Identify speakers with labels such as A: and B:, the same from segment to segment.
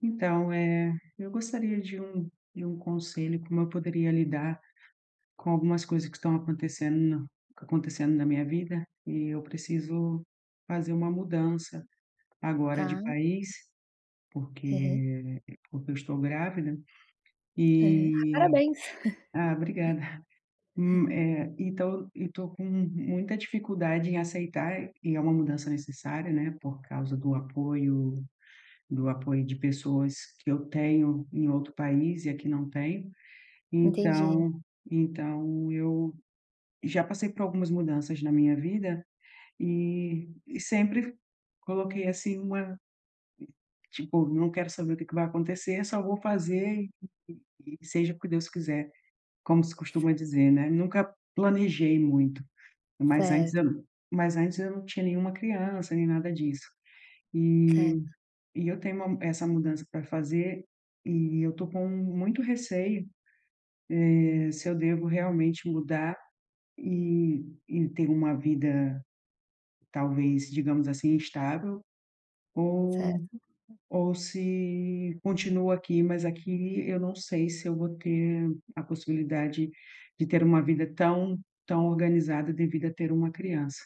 A: Então, eh, eu gostaria de um de um conselho, como eu poderia lidar com algumas coisas que estão acontecendo na acontecendo na minha vida, e eu preciso fazer uma mudança agora de
B: Tá.
A: país,
B: Aham.
A: porque porque eu estou grávida
B: É.
A: e
B: Parabéns.
A: Ah, obrigada. Hum, eh, então e tô com muita dificuldade em aceitar, e é uma mudança necessária, né, por causa do apoio do apoio de pessoas que eu tenho em outro país e aqui não tenho.
B: Entendi.
A: Então então eu já passei por algumas mudanças na minha vida e e sempre coloquei, assim, uma tipo, não quero saber o que que vai acontecer, só vou fazer e e e seja o que Deus quiser, como se
B: S
A: costuma dizer, né, nunca planejei muito. Mas antes
B: Certo.
A: eu não mas antes eu não tinha nenhuma criança nem nada disso e
B: Certo.
A: e eu tenho uma essa mudança pra fazer e eu tô com muito receio, eh, se eu devo realmente mudar e e ter uma vida talvez, digamos assim, estável ou
B: Certo.
A: ou se continuo aqui, mas aqui eu não sei se eu vou ter a possibilidade de ter uma vida tão tão organizada, devido a ter uma criança.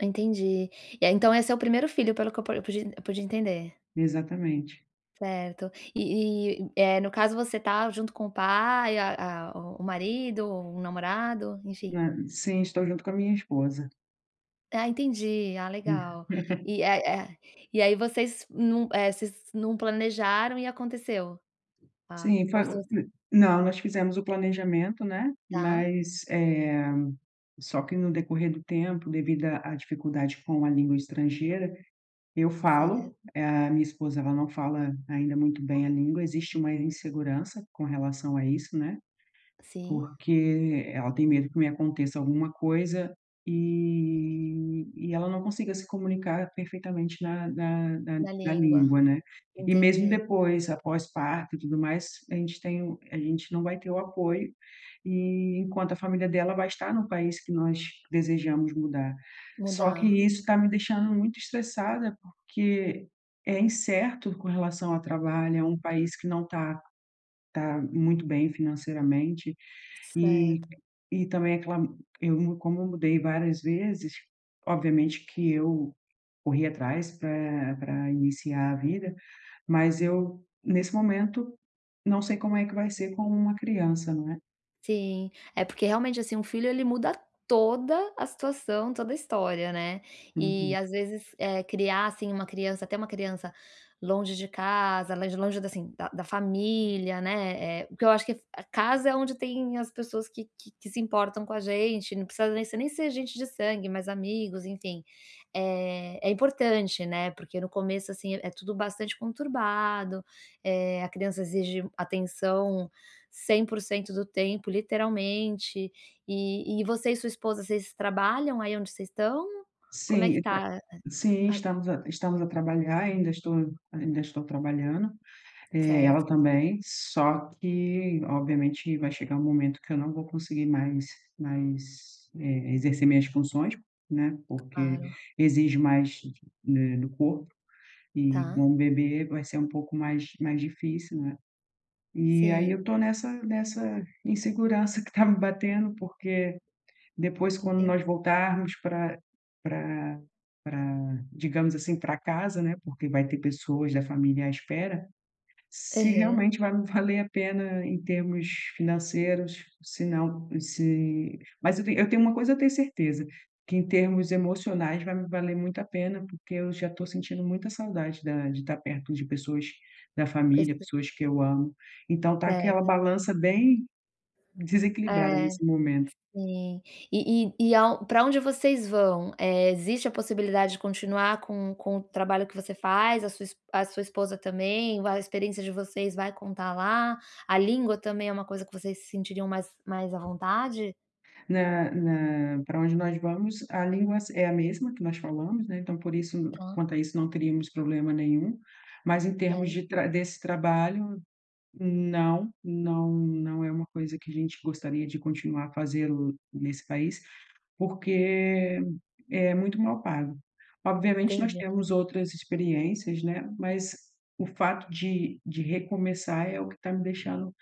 B: Entendi. É, então esse é o 1º filho, pelo que eu pude pude pude entender?
A: Exatamente.
B: Certo e e, eh, no caso você tá junto com o pai, a a o o marido, o namorado, enfim.
A: Ah, sim, estou junto com a minha esposa.
B: Ah, entendi, ah
A: Hum.
B: legal. E, eh eh, e aí vocês não eh, vocês não planejaram e aconteceu? Ah
A: Sim,
B: ou
A: fa
B: vo
A: hum, não, nós fizemos o planejamento, né,
B: Tá.
A: mas, eh, só que no decorrer do tempo, devido à à dificuldade com a língua estrangeira, eu falo,
B: Certo.
A: a minha esposa ela não fala ainda muito bem
B: Ah.
A: a língua, existe uma insegurança com relação a isso, né,
B: Sim.
A: porque ela tem medo que me aconteça alguma coisa e e ela não consiga se comunicar perfeitamente na na na
B: Na
A: na
B: língua,
A: língua, né. E mesmo
B: entendi.
A: depois após parto e tudo mais, a gente tem o a gente não vai ter o apoio e enquanto a família dela vai estar no país que nós desejamos mudar. Só que
B: Mudar.
A: isso tá me deixando muito estressada, porque é incerto com relação a trabalho, é um país que não tá tá muito bem financeiramente e
B: Certo.
A: e também aquela Eu mu como mudei várias vezes, obviamente que eu corri atrás pra pra iniciar a vida, mas eu nesse momento não sei como é que vai ser com uma criança, não é.
B: Sim, é porque, realmente, assim, um filho, ele muda toda a situação, toda a história, né. E
A: Uhum.
B: às vezes, eh, criar, assim, uma criança ter uma criança longe de casa, lé longe da, assim, da da família, né, eh, porque eu acho que casa é onde tem as pessoas que que que se importam com a gente, não precisa nesse nem ser gente de sangue, mas amigos, enfim, eh, é importante, né, porque no começo, assim, é tudo bastante conturbado, eh, a criança exige atenção 100% do tempo, literalmente, e e você e sua esposa, vocês trabalham aí onde vocês estão? Como é
A: Sim,
B: que
A: então
B: tá, eh,
A: sim,
B: a a
A: estamos a estamos a trabalhar, ainda estou ainda estou trabalhando, eh, ela
B: Certo.
A: também, só que obviamente vai chegar um momento que eu não vou conseguir mais mais, eh, exercer minhas funções, né, porque
B: Claro.
A: exige mais, eh, do corpo, e
B: Tá.
A: com um bebê vai ser um pouco mais mais difícil, né, e aí
B: Sim.
A: eu tô nessa nessa insegurança que tá me batendo, porque depois, quando
B: Entendi.
A: nós voltarmos pra pra pra digamos assim, pra casa, né, porque vai ter pessoas da família à espera, se
B: Aham.
A: realmente vai me valer a pena em termos financeiros, se não se Mas eu te eu tenho uma coisa eu tenho certeza, que em termos emocionais vai me valer muito a pena, porque eu já tô sentindo muita saudade da de tá perto de pessoas da família,
B: Quest
A: pessoas que eu amo. Então tá aquela
B: Certo.
A: balança bem desequilibrada
B: É,
A: nesse momento.
B: sim. E e e ao pra onde vocês vão, eh, existe a possibilidade de continuar com com o trabalho que você faz, a sua es a sua esposa também, vai a experiência de vocês vai contar lá, a língua também é uma coisa que vocês se sentiriam mais mais à vontade?
A: Na na pra onde nós vamos a língua s é a mesma que nós falamos, né, então por isso
B: Tá.
A: quanto a isso não teríamos problema nenhum. Mas em termos de
B: Certo.
A: tra desse trabalho, não não não é uma coisa que a gente gostaria de continuar a fazê-lo nesse país, porque é muito mal pago. Obviamente, nós
B: Entendi.
A: temos outras experiências, né. Mas o fato de de recomeçar é o que tá me deixando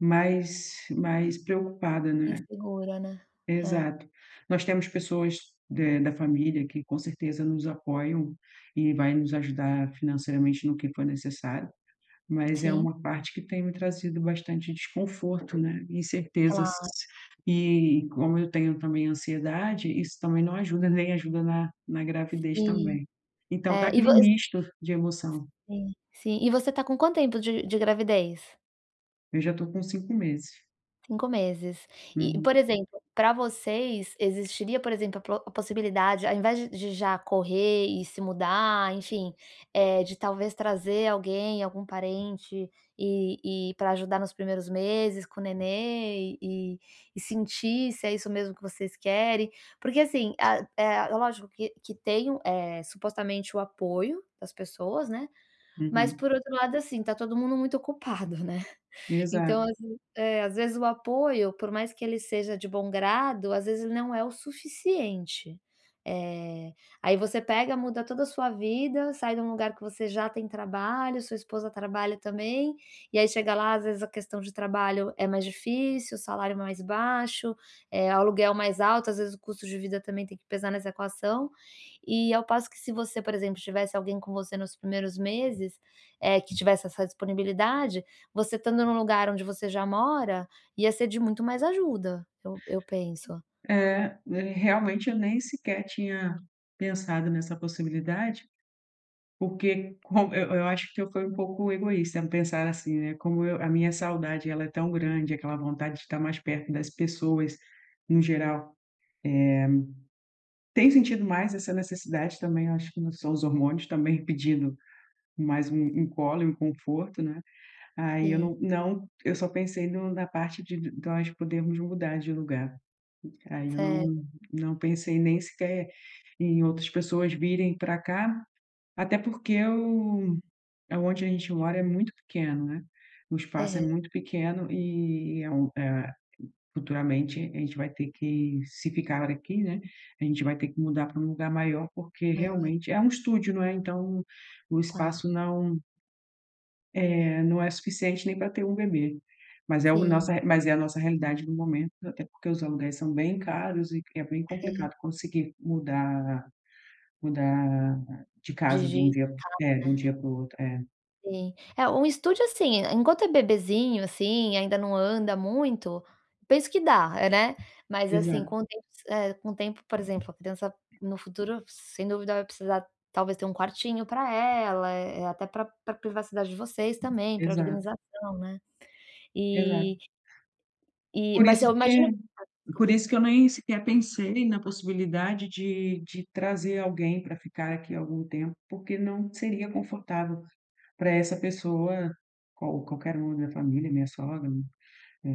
A: mais mais preocupada, né.
B: Insegura, né? É.
A: Exato, nós temos pessoas de da família que com certeza nos apoiam e vai nos ajudar financeiramente no que for necessário, mas é
B: Sim.
A: uma parte que tem me trazido bastante desconforto, né, incertezas.
B: Cla
A: E como eu tenho também ansiedade, isso também não ajuda, nem ajuda na na gravidez
B: Sim.
A: também. Então tá
B: É, e vo
A: aquele
B: S
A: misto de emoção.
B: sim, e você tá com quanto tempo de de gravidez?
A: Eu já tô com 5 meses.
B: 5 meses, e
A: Uhum.
B: por exemplo, pra vocês existiria, por exemplo, a pro a possibilidade. Ao invés de de já correr e se mudar, enfim, eh, de talvez trazer alguém, algum parente e e pra ajudar nos primeiros meses com o neném e e e sentir se é isso mesmo que vocês querem. Porque assim, a É lógico que que tem o, eh, supostamente o apoio das pessoas, né, mas
A: Uhum.
B: por outro lado, assim, tá todo mundo muito ocupado, né. Então,
A: Exato.
B: as É, às vezes o apoio, por mais que ele seja de bom grado, às vezes ele não é o suficiente. Eh, aí você pega, muda toda a sua vida, sai de um lugar que você já tem trabalho, sua esposa trabalha também. E aí chega lá, às vezes a questão de trabalho é mais difícil, o salário é mais baixo, eh, o aluguel mais alto, às vezes o custo de vida também tem que pesar nessa equação. E ao passo que se você, por exemplo, tivesse alguém com você nos primeiros meses, eh, que tivesse essa disponibilidade. Você estando num lugar onde você já mora, ia ser de muito mais ajuda, eu eu penso.
A: É, realmente eu nem sequer tinha pensado nessa possibilidade. Porque como eu eu acho que eu fui um pouco egoísta em pensar assim, né. Como eu A minha saudade, ela é tão grande, aquela vontade de tá mais perto das pessoas, no geral. Eh, tenho sentido mais essa necessidade também, acho que são os hormônios também pedindo mais um um colo e um conforto, né. Aí eu
B: Sim.
A: não não eu só pensei no na parte de de nós podermos mudar de lugar, aí eu não,
B: Sério.
A: não pensei nem sequer em outras pessoas virem pra cá, até porque eu, aonde a gente mora é muito pequeno, né. O espaço é
B: É.
A: muito pequeno e é um, eh, futuramente, a gente vai ter que, se ficar aqui, né. A gente vai ter que mudar pra um lugar maior, porque
B: Maior.
A: realmente, é um estúdio, não é, então o
B: Tá.
A: espaço não É, não é suficiente nem pra ter um bebê, mas é o
B: Sim.
A: nossa mas é a nossa realidade no momento, até porque os aluguéis são bem caros e é bem
B: Hã.
A: complicado conseguir mudar mudar de casa de um
B: Digital,
A: dia é, de um
B: né.
A: dia para o outro, é.
B: Sim, é, um estúdio, assim, e enquanto é bebezinho assim, ainda não anda muito, penso que dá, hã, né, mas assim,
A: Exato.
B: com o tempo é, com o tempo, por exemplo, a criança no futuro, sem dúvida vai precisar talvez ter um quartinho pra ela, eh, até pra pra privacidade de vocês também, pra
A: Exato.
B: organização, né,
A: Exato.
B: e e,
A: Por
B: mas
A: isso
B: eu imagino
A: que por
B: desculpa.
A: isso que eu nem sequer pensei na possibilidade de de trazer alguém pra ficar aqui algum tempo, porque não seria confortável pra essa pessoa, qual qualquer um da família, minha sogra, mi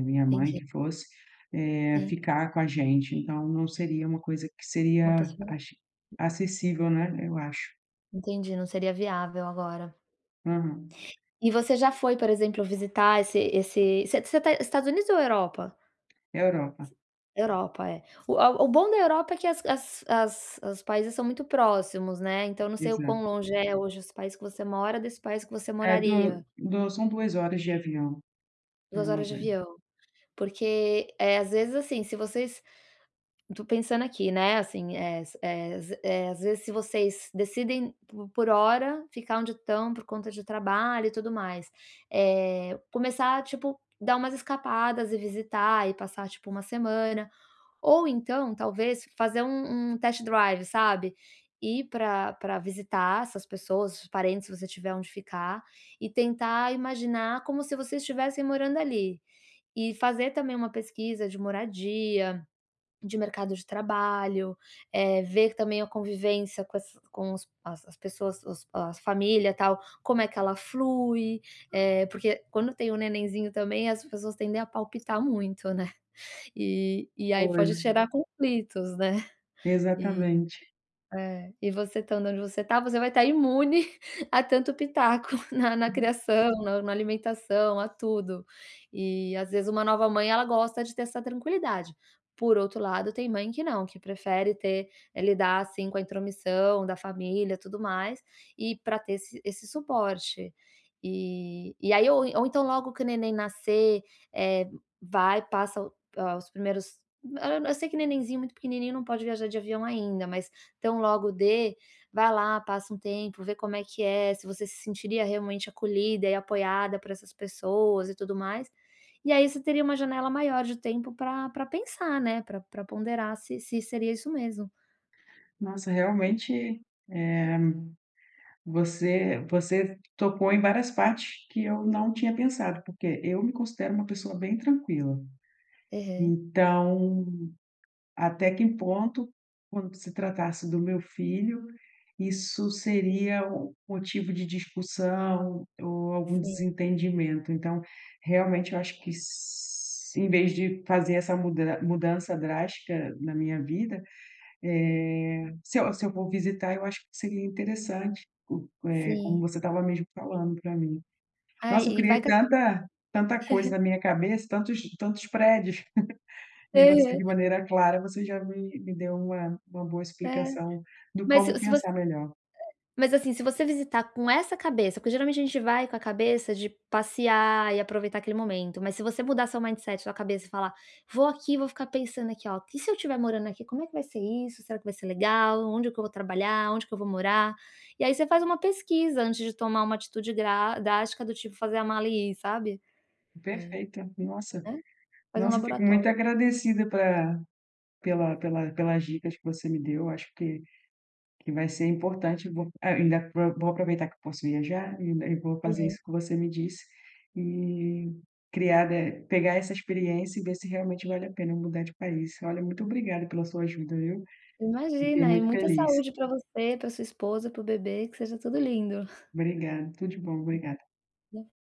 A: minha mãe
B: Entendi.
A: que fosse, eh,
B: Sim.
A: ficar com a gente, então, não seria uma coisa que
B: Uma
A: seria
B: possibilidade.
A: aci acessível, né, eu acho.
B: Entendi, não seria viável agora.
A: Hum.
B: E você já foi, por exemplo, visitar esse esse você tá Estados Unidos ou Europa?
A: Europa.
B: Europa, é, o a o bom da Europa é que as as as os países são muito próximos, né, então, não sei o
A: Exato.
B: quão longe é hoje esse país que você mora, desse país que você
A: É, do
B: moraria.
A: do são 2 horas de avião, é
B: 2
A: uma
B: horas de
A: [unintelligible]
B: avião, porque, eh, às vezes assim, se vocês eu tô pensando aqui, né, assim, eh s eh s eh, às vezes se vocês decidem por por hora ficar onde estão por conta de trabalho e tudo mais, eh, começar a tipo, dar umas escapadas e visitar e passar tipo uma semana, ou então, talvez fazer um um test-drive, sabe, ir pra pra visitar essas pessoas, os parentes, se você tiver onde ficar, e tentar imaginar como se vocês estivessem morando ali. E fazer também uma pesquisa de moradia, de mercado de trabalho, eh, ver também a convivência com essa com os as as pessoas os as família, tal, como é que ela flui, eh, porque quando tem o nenenzinho também, as pessoas tendem a palpitar muito, né, e e aí pode
A: Pois é.
B: gerar conflitos, né, e
A: Exatamente.
B: é. E você estando onde você tá, você vai tá imune a tanto pitaco na na
A: Uhum.
B: criação, na na alimentação, a tudo, e às vezes uma nova mãe ela gosta de ter essa tranquilidade, por outro lado, tem mãe que não, que prefere ter, eh, lidar assim com a intromissão da família, tudo mais e pra ter esse esse suporte. E e aí ou ou então, logo que o neném nascer, eh, vai, passa ,hã, os primeiros eu sei que nenenzinho muito pequenininho não pode viajar de avião ainda, mas tão logo dê, vai lá, passa um tempo, vê como é que é, se você se sentiria realmente acolhida e apoiada por essas pessoas e tudo mais, e aí você teria uma janela maior de tempo pra pra pensar, né, pra pra ponderar se se seria isso mesmo.
A: Nossa, realmente, eh, você você tocou em várias partes que eu não tinha pensado, porque eu me considero uma pessoa bem tranquila,
B: Aham.
A: então, até que ponto, quando se tratasse do meu filho, isso seria o motivo de discussão ou algum
B: Sim.
A: desentendimento. Então, realmente eu acho que s em vez de fazer essa muda mudança drástica na minha vida, eh, se eu se eu for visitar, eu acho que seria interessante o eh, como
B: Sim.
A: você tava mesmo falando pra mim.
B: Ai,
A: Nossa, eu
B: e vai
A: criei
B: ca
A: tanta tanta coisa na minha cabeça, tantos tantos prédios, e você, de
B: Aham.
A: maneira clara, você já me me deu uma uma boa
B: É,
A: explicação do
B: mas
A: como
B: se se voc
A: pensar
B: eh,
A: melhor.
B: mas assim, se você visitar com essa cabeça, porque geralmente a gente vai com a cabeça de passear e aproveitar aquele momento, mas se você mudar seu mindset, sua cabeça e falar: "Vou aqui, vou ficar pensando aqui, ó, e se eu tiver morando aqui, como é que vai ser isso, será que vai ser legal, onde que eu vou trabalhar, onde que eu vou morar?", e aí você faz uma pesquisa antes de tomar uma atitude dra drástica do tipo fazer a mala e ir, sabe, é,
A: Perfeito, nossa
B: né, faz um
A: nossa, fico muito
B: laboratório.
A: agradecida pela pela pela pelas dicas que você me deu, acho que que vai ser importante, vou ainda pro vou aproveitar que eu posso viajar e ainda e vou fazer
B: Aham.
A: isso que você me disse e criar, eh, pegar essa experiência e ver se realmente vale a pena mudar de país, olha, muito obrigada pela sua ajuda, viu, fiquei
B: Imagina, e
A: muito
B: muita
A: feliz.
B: saúde pra você, pra sua esposa, para o bebê, que seja tudo lindo.
A: Obrigada, tudo de bom, obrigada.
B: [unintelligible]